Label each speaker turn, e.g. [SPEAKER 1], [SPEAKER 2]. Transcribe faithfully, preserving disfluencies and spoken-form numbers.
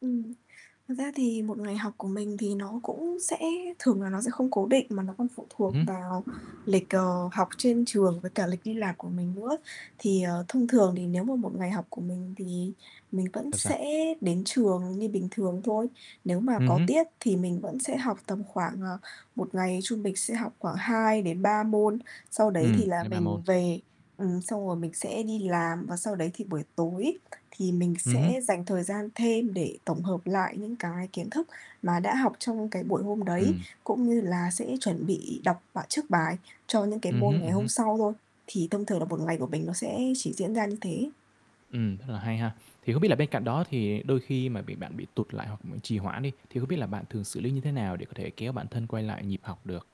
[SPEAKER 1] Ừm, thật ra thì một ngày học của mình thì nó cũng sẽ thường là nó sẽ không cố định, mà nó còn phụ thuộc
[SPEAKER 2] Ừm hứm.
[SPEAKER 1] vào lịch, ờ, học trên trường với cả lịch đi làm của mình nữa. Thì, ờ, thông thường thì nếu mà một ngày học của mình thì mình vẫn
[SPEAKER 2] Sao, sao?
[SPEAKER 1] sẽ đến trường như bình thường thôi. Nếu mà
[SPEAKER 2] Ừm
[SPEAKER 1] có
[SPEAKER 2] hứm.
[SPEAKER 1] tiết thì mình vẫn sẽ học tầm khoảng, ờ, một ngày trung bình sẽ học khoảng hai đến ba môn, sau đấy
[SPEAKER 2] Ừm,
[SPEAKER 1] thì là
[SPEAKER 2] hai ba môn.
[SPEAKER 1] mình về. Ừm, xong rồi mình sẽ đi làm và sau đấy thì buổi tối thì mình
[SPEAKER 2] Ừm hứm.
[SPEAKER 1] sẽ dành thời gian thêm để tổng hợp lại những cái kiến thức mà đã học trong cái buổi hôm đấy,
[SPEAKER 2] Ừm.
[SPEAKER 1] cũng như là sẽ chuẩn bị đọc bà trước bài cho những cái
[SPEAKER 2] Ừm
[SPEAKER 1] môn
[SPEAKER 2] hứm,
[SPEAKER 1] ngày
[SPEAKER 2] ừm
[SPEAKER 1] hôm
[SPEAKER 2] hứm.
[SPEAKER 1] sau thôi, thì thông thường là một ngày của mình nó sẽ chỉ diễn ra như thế.
[SPEAKER 2] Ừm, rất là hay ha. Thì không biết là bên cạnh đó thì đôi khi mà bị bạn bị tụt lại hoặc trì hoãn đi, thì không biết là bạn thường xử lý như thế nào để có thể kéo bản thân quay lại nhịp học được?